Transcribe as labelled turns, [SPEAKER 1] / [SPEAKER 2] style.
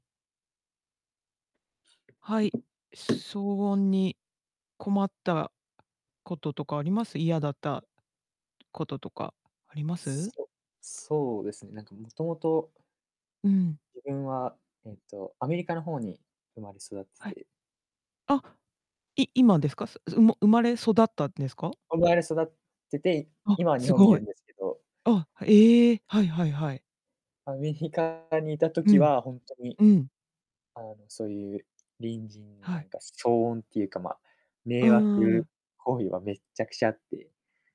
[SPEAKER 1] はい、騒音に困ったこととかあります？嫌だったこととか、あります？
[SPEAKER 2] そそうですね。なんかもともと
[SPEAKER 1] うん。
[SPEAKER 2] 自分はえっと、アメリカの方に生まれ育っ
[SPEAKER 1] は
[SPEAKER 2] て
[SPEAKER 1] い。
[SPEAKER 2] て。
[SPEAKER 1] あ、い今ですか？そうま生まれ育ったんですか？
[SPEAKER 2] 生まれ育ってて、い
[SPEAKER 1] あ、
[SPEAKER 2] 今は日
[SPEAKER 1] す
[SPEAKER 2] 本にい
[SPEAKER 1] ご
[SPEAKER 2] る
[SPEAKER 1] い。
[SPEAKER 2] んですけど。
[SPEAKER 1] あ、ええ、はいはいはい。
[SPEAKER 2] アメリカにいた
[SPEAKER 1] う
[SPEAKER 2] 時
[SPEAKER 1] ん。
[SPEAKER 2] はほんとに、
[SPEAKER 1] うん。
[SPEAKER 2] あのそういう、隣人の
[SPEAKER 1] は
[SPEAKER 2] な
[SPEAKER 1] い。
[SPEAKER 2] んか騒音っていうか、まあ
[SPEAKER 1] う
[SPEAKER 2] 迷
[SPEAKER 1] ー
[SPEAKER 2] 惑
[SPEAKER 1] ん。
[SPEAKER 2] 行為はめっちゃくちゃあって。